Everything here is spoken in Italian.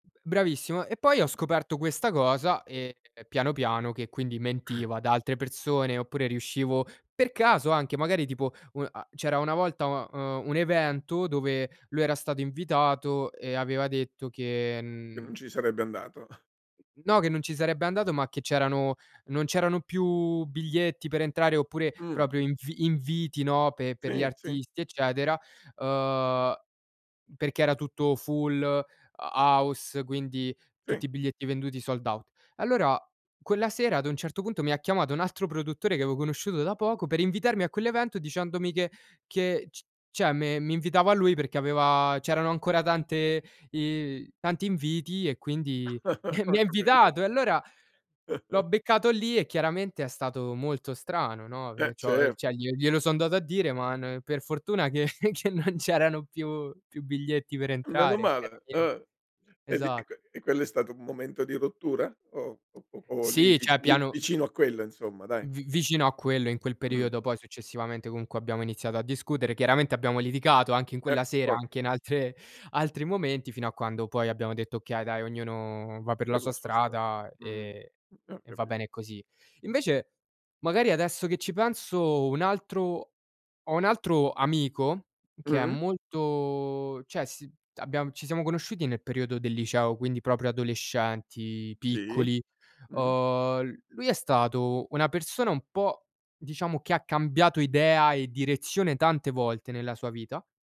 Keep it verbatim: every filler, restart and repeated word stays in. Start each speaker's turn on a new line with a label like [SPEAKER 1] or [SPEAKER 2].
[SPEAKER 1] B bravissimo e poi ho scoperto questa cosa, ehm, piano, piano che, quindi mentiva ad altre persone oppure riuscivo per caso, anche magari tipo un a c'era una volta un uhm, un evento dove lui era stato invitato e aveva detto che,
[SPEAKER 2] Che non
[SPEAKER 1] mhmm
[SPEAKER 2] ci sarebbe andato.
[SPEAKER 1] No che non ci sarebbe andato, ma che c'erano non c'erano più biglietti per entrare oppure
[SPEAKER 2] Mh.
[SPEAKER 1] propio invi inviti, no, pe per gli
[SPEAKER 2] Sì, sì.
[SPEAKER 1] artisti, eccetera, uhm, perché era tutto full, ho house, quindi
[SPEAKER 2] Sì.
[SPEAKER 1] tutti i biglietti venduti, sold out. Allora quella sera, ad un certo punto, mi ha chiamato un altro produttore, che aveo conosciuto da poco, per invitarmi a quell'evento, dicendomi che che c ceh me mi invitava lui, perché aveva c'erano ancora tante i tanti inviti e quindi mi
[SPEAKER 2] Ho
[SPEAKER 1] ha
[SPEAKER 2] capi
[SPEAKER 1] invitato. E allora l'ho beccato lì e chiaramente è stato molto strano, no,
[SPEAKER 2] Eh,
[SPEAKER 1] e cio
[SPEAKER 2] certo.
[SPEAKER 1] ceh glie glielo sono andato a dire, ma n per fortuna che che non c'erano più più biglietti per
[SPEAKER 2] Meno
[SPEAKER 1] entrare e che era
[SPEAKER 2] male,
[SPEAKER 1] pien
[SPEAKER 2] eh e lì e
[SPEAKER 1] esa
[SPEAKER 2] que e quello è stato un momento di rottura o o o lì
[SPEAKER 1] Sì ceh
[SPEAKER 2] vici
[SPEAKER 1] piano
[SPEAKER 2] vicino a quello, insomma, dai.
[SPEAKER 1] Vi vicino a quello in quel
[SPEAKER 2] Mh.
[SPEAKER 1] periodo, poi successivamente, comunque abbiamo iniziato a discutere. Chiaramente abbiamo liticato anche in
[SPEAKER 2] Eh,
[SPEAKER 1] quella sera,
[SPEAKER 2] fo
[SPEAKER 1] anche in altre altri momenti fino a quando poi abbiamo detto: "Okay, dai, ognuno va per la
[SPEAKER 2] Per
[SPEAKER 1] sua
[SPEAKER 2] la sua stra
[SPEAKER 1] strada
[SPEAKER 2] mh,
[SPEAKER 1] e
[SPEAKER 2] ho
[SPEAKER 1] e va
[SPEAKER 2] capi
[SPEAKER 1] bene così." Invece, magari adesso che ci penso, un altro ho un altro amico, che è
[SPEAKER 2] Mh.
[SPEAKER 1] molto ceh si abbiam ci siamo conosciuti nel periodo del liceo, quindi propo adolescenti,
[SPEAKER 2] Sì.
[SPEAKER 1] piccoli.
[SPEAKER 2] Mh.
[SPEAKER 1] Uhm, l lui è stato una persona un po' diciamo, che ha cambiato idea e direzione tante volte nella sua vita